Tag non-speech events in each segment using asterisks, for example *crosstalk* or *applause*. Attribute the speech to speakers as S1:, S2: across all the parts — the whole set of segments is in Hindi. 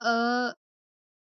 S1: अ,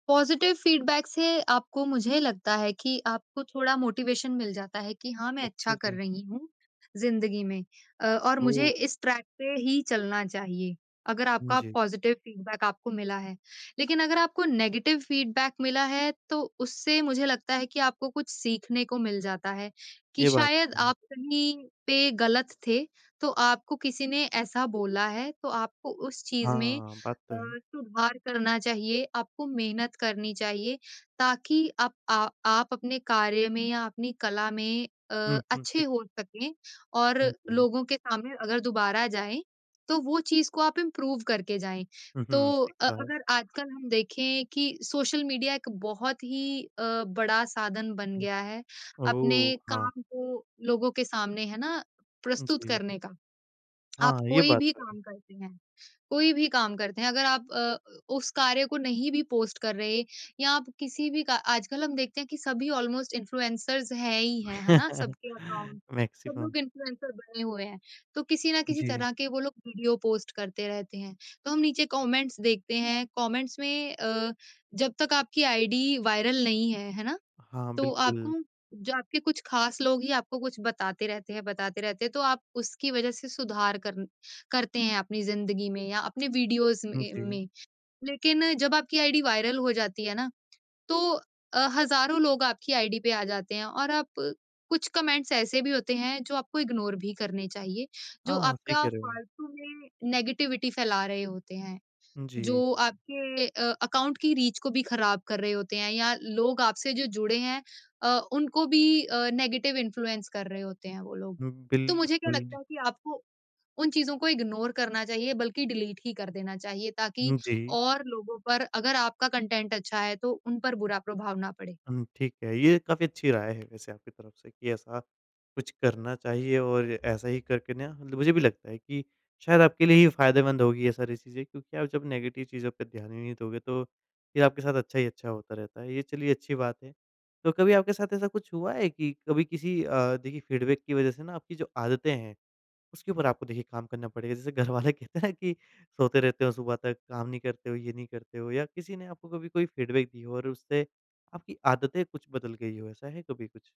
S1: पॉज़िटिव फीडबैक से आपको मुझे लगता है कि आपको थोड़ा मोटिवेशन मिल जाता है कि हाँ, मैं
S2: अच्छा
S1: अच्छा कर
S2: जी।
S1: रही हूँ ज़िंदगी में। अ, और मुझे
S2: ओह!
S1: इस ट्रैक पे ही चलना चाहिए, अगर आपका
S2: जी।
S1: पॉज़िटिव फीडबैक आपको मिला है। लेकिन अगर आपको नेगेटिव फीडबैक मिला है तो उससे मुझे लगता है कि आपको कुछ सीखने को मिल जाता है कि
S2: ये बात
S1: शायद
S2: तो सही है।
S1: आप कहीं पे गलत थे। तो आपको किसी ने ऐसा बोला है तो आपको उस चीज़ में
S2: हाँ, बात तो
S1: अ,
S2: है।
S1: सुधार करना चाहिए, आपको मेहनत करनी चाहिए। ताकि आप आ आप अपने कार्य में या अपनी कला में अ,
S2: हुँ, हुँ
S1: अच्छे
S2: ठीक।
S1: हो सकें और
S2: हुँ, जी।
S1: लोगों के सामने अगर दोबारा जाएँ तो वो चीज़ को आप इम्प्रूव करके जाएँ।
S2: हुँ,
S1: तो
S2: हुँ। ठीक
S1: अ,
S2: कहा।
S1: अगर आजकल हम देखें कि सोशल मीडिया एक बहुत ही अ, बड़ा साधन बन
S2: उम,
S1: गया है, अपने
S2: ओह! हाँ।
S1: काम को लोगों के सामने है ना प्रस्तुत
S2: जी।
S1: करने का। आप
S2: हाँ, ये
S1: कोई
S2: बात
S1: भी
S2: तो है।
S1: काम करते हैं, कोई भी काम करते हैं अगर आप अ, उस कार्य को नहीं भी पोस्ट कर रहे या आप किसी भी का आजकल हम देखते हैं कि सभी ऑलमोस्ट इन्फ्लुएंसर्स हैं ही हैं, है ना?
S2: *chuckles*
S1: सबके अकाउंट सब
S2: मैक्सिमम।
S1: लोग इन्फ्लुएंसर बने हुए हैं। तो किसी ना किसी
S2: जी।
S1: तरह के वो लोग वीडियो पोस्ट करते रहते हैं। तो हम नीचे कमेंट्स देखते हैं, कमेंट्स में अ, जब तक आपकी आईडी वायरल नहीं है, है ना?
S2: हाँ,
S1: तो
S2: बिल्कुल।
S1: आपको जो आपके कुछ खास लोग ही आपको कुछ बताते रहते हैं, बताते रहते हैं तो आप उसकी वजह से सुधार करन करते हैं अपनी ज़िंदगी में या अपने वीडियोज़
S2: हुँ,
S1: में
S2: जी।
S1: में। लेकिन जब आपकी आईडी वायरल हो जाती है ना, तो अ, हज़ारों लोग आपकी आईडी पे आ जाते हैं और आप कुछ कमेंट्स ऐसे भी होते हैं जो आपको इग्नोर भी करने चाहिए। जो
S2: हाँ, सही
S1: आपका
S2: कह रहे हो।
S1: फ़ालतू में नेगेटिविटी फैला रहे होते हैं।
S2: उम, जी।
S1: जो आपके अ, अकाउंट की रीच को भी खराब कर रहे होते हैं या लोग आपसे जो जुड़े हैं अ, उनको भी अ, नेगेटिव इन्फ्लुएंस कर रहे होते हैं वो लोग।
S2: उम,
S1: तो मुझे क्या लगता
S2: बिल्कुल।
S1: है कि आपको उन चीज़ों को इग्नोर करना चाहिए बल्कि डिलीट ही कर देना चाहिए। ताकि
S2: हुँ, जी।
S1: और लोगों पर अगर आपका कंटेंट अच्छा है तो उन पर बुरा प्रभाव ना पड़े।
S2: हुँ, ठीक है। ये काफ़ी अच्छी राय है वैसे आपकी तरफ से कि ऐसा कुछ करना चाहिए और ऐसा ही करके ना मतलब मुझे भी लगता है कि शायद आपके लिए ये फायदेमंद होंगी ये सारी चीज़ें। क्योंकि आप जब नेगेटिव चीज़ों पे ध्यान ही नहीं दोगे तो फ़िर आपके साथ अच्छा ही अच्छा होता रहता है, ये चलिए अच्छी बात है। तो कभी आपके साथ ऐसा कुछ हुआ है कि कभी किसी अ, देखिए फीडबैक की वजह से ना आपकी जो आदतें हैं, उसके ऊपर आपको देखिए काम करना पड़ेगा। जैसे घरवाले कहते हैं कि सोते रहते हो सुबह तक काम नहीं करते हो, ये नहीं करते हो या किसी ने आपको कभी कोई फीडबैक दी हो और उससे आपकी आदतें कुछ बदल गई हो ऐसा है कभी कुछ?